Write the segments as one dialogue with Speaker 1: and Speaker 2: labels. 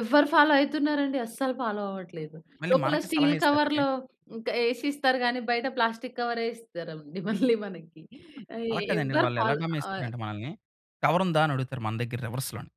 Speaker 1: ఎవ్వరు ఫాలో అయితున్నారండి అస్సలు ఫాలో అవ్వట్లేదు.
Speaker 2: మళ్ళీ
Speaker 1: లోపల
Speaker 2: మనకే సలహా
Speaker 1: స్టీల్
Speaker 2: ఇస్తారండి.
Speaker 1: కవర్‌లో ఇంక ఏసిస్తారు గానీ బయట ప్లాస్టిక్ కవర్ ఏసిస్తారేమోండి మళ్ళీ మనకి ఆహ్,
Speaker 2: అలా
Speaker 1: ఎ
Speaker 2: కాదండి.
Speaker 1: ఎవ్వరు
Speaker 2: వాళ్ళు ఎలా
Speaker 1: ఫాలో ఆహ్
Speaker 2: గమనిస్తారంటే మనల్ని, కవరుందా అని అడుగుతారు. మన దగ్గర రివర్స్‌ లోని.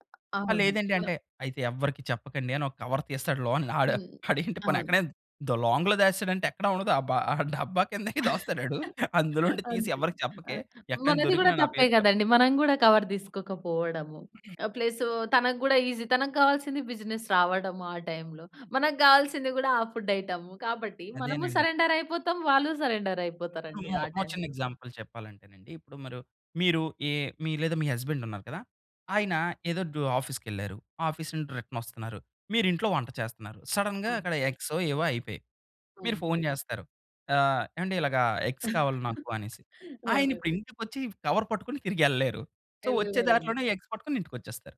Speaker 2: ఆ!
Speaker 1: అవునండి.
Speaker 2: లేదండి
Speaker 1: వ
Speaker 2: అంటే, అయితే ఎవ్వరికి చెప్పకండి అనొక కవర్ తీస్తాడు. లోన్ ఆడు
Speaker 1: హ్మ్.
Speaker 2: ఆడేంటి పోనీ
Speaker 1: అవును.
Speaker 2: ఎక్కడైనా ద లాంగ్‌లో దాచేసాడంటే ఎక్కడా ఉండదు. అబ్బా! ఆ డబ్బా కిందే దాస్తాడాడు. అందులో నుండి తీసి
Speaker 1: అంతే
Speaker 2: ఎవరికీ
Speaker 1: ఆ!
Speaker 2: చెప్పకే ఎక్కడైన
Speaker 1: మనది గూడా
Speaker 2: దొరికినా నా
Speaker 1: తప్పే
Speaker 2: పేరు చెప్
Speaker 1: గదండీ మనం గూడా కవర్ తీసుకోకపోవడము. ఆ! ప్లసూ తనకు గూడా ఈసీ తనకు కావాల్సింది బిజినెస్ రావడము ఆ టైమ్‌లో. మనకు గావాల్సింది గూడా ఆ ఫుడ్ ఐటెము కాబట్టి మనము
Speaker 2: అదేనండి.
Speaker 1: సరెండర్ అయిపోతాం వాళ్ళు సరెండర్ అయిపోతారండి
Speaker 2: [unintelligible]
Speaker 1: ఆ
Speaker 2: ఒక చిన్న
Speaker 1: టైమ్‌లో.
Speaker 2: ఎగ్జాంపుల్ చెప్పాలంటేనండి. ఇప్పుడు మరు మీరు ఏ మీ లేదా మీ హస్బండ్ ఉన్నారు కదా! ఆయన
Speaker 1: ఓకే.
Speaker 2: ఏదో డొ ఆఫీస్‌ కెళ్లారు. ఆఫీస్ నుండి రిటర్న్ వస్తున్నారు. మీరు ఇంట్లో వంట చేస్త‌న్నారు. సడెన్‌గా
Speaker 1: అవును.
Speaker 2: అక్కడ ఎగ్సో, ఏవో అయిపేయాయి. మీరు
Speaker 1: అవును.
Speaker 2: ఫోన్ చేస్తారు. ఆహ్, ఏవండీ ఇలాగ ఎగ్స్ కావాలి నాకు అనేసి. ఆయన
Speaker 1: అవునండి.
Speaker 2: ఇప్పుడు ఇంటికి ఒచ్చి కవర్ పట్టుకొని తిరిగి ఎళ్ళలేరు. సో వచ్చే
Speaker 1: ఎళ్ళలేరండి.
Speaker 2: దారిలోనే ఎగ్స్ పట్టుకొని ఇంటికి ఒచ్చేస్తారు.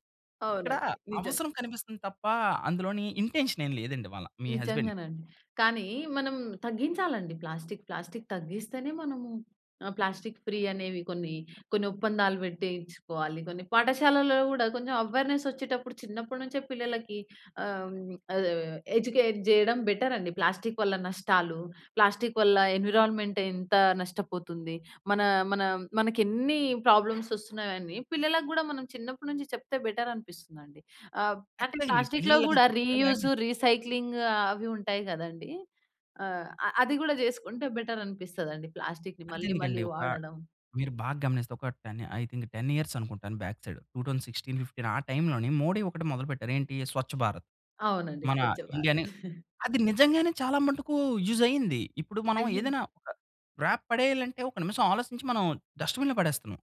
Speaker 2: ఇక్కడ
Speaker 1: అవునండి. నిజంగా
Speaker 2: అవసరం కనిపిస్తుంది తప్ప అందులోని ఇంటెన్షన్ ఏం లేదండి వాళ్ళ మీ హస్బండ్
Speaker 1: నిజంగానండి. కానీ మనం తగ్గించాలండి. ప్లాస్టిక్, ప్లాస్టిక్ తగ్గిస్తేనే మనము ఆ! ప్లాస్టిక్ ఫ్రీ అనేవి కొన్ని, కొన్ని ఒప్పందాలు పెట్టించుకోవాలి. కొన్ని పాఠశాలలో గూడా కొంచెం అవేర్‌నెస్ వచ్చేటప్పుడు చిన్నప్పటినుంచే పిల్లలకి ఆహ్, ఆ! ఎడ్యుకేట్ చేయడం బెటర్ అండి. ప్లాస్టిక్ వల్ల నష్టాలు, ప్లాస్టిక్ వల్ల ఎన్విరాన్మెంట్ ఎంత నష్టపోతుంది. మన మనం మనకెన్నీ ప్రాబ్లమ్స్ ఒస్తున్నాయి అని పిల్లలకు గూడా మనం చిన్నప్పటి నుంచి చెప్తే బెటర్ అనిపిస్తుందండి. ఆహ్, ఆటిని
Speaker 2: కచ్చితంగా అండి.
Speaker 1: ప్లాస్టిక్‌లో
Speaker 2: పిల్లలకి
Speaker 1: గూడా
Speaker 2: చెప్తాం గానీ
Speaker 1: రీయూజ్, రీసైక్లింగ్ అవి ఉంటాయి గదండీ. ఆహ్, ఆ! అది గాడా చేసుకుంటే బెటర్ అనిపిస్తదండి ప్లాస్టిక్‌ని మళ్ళీ మళ్ళీ
Speaker 2: అంతెందుకండి. ఒక
Speaker 1: వాడడం.
Speaker 2: మీరు బాగమనిస్తే ఒక‌ 10 ఐ థింక్ 10 ఇయర్స్ అనుకుంటాను. బ్యాక్ సైడు 2016, 2015 ఆ టైమ్‌లోనీ 'మోడీ' 1 మొదలుపెట్టారు. ఏంటీ 'స్వచ్ఛ భారత్'.
Speaker 1: అవునండి.
Speaker 2: మన
Speaker 1: 'స్వచ్ఛభారత్'.
Speaker 2: ఇండియానీ అది నిజంగానే చాలా మటుకు యూజ్ అయ్యింది. ఇప్పుడు మనం
Speaker 1: అయ్యిన్
Speaker 2: ఏదైనా ఒక వ్రాప్ పడేయాలంటే ఒక నిమిషం ఆలోచించి మనం డస్ట్‌బిన్‌లో పడేస్తున్నాం.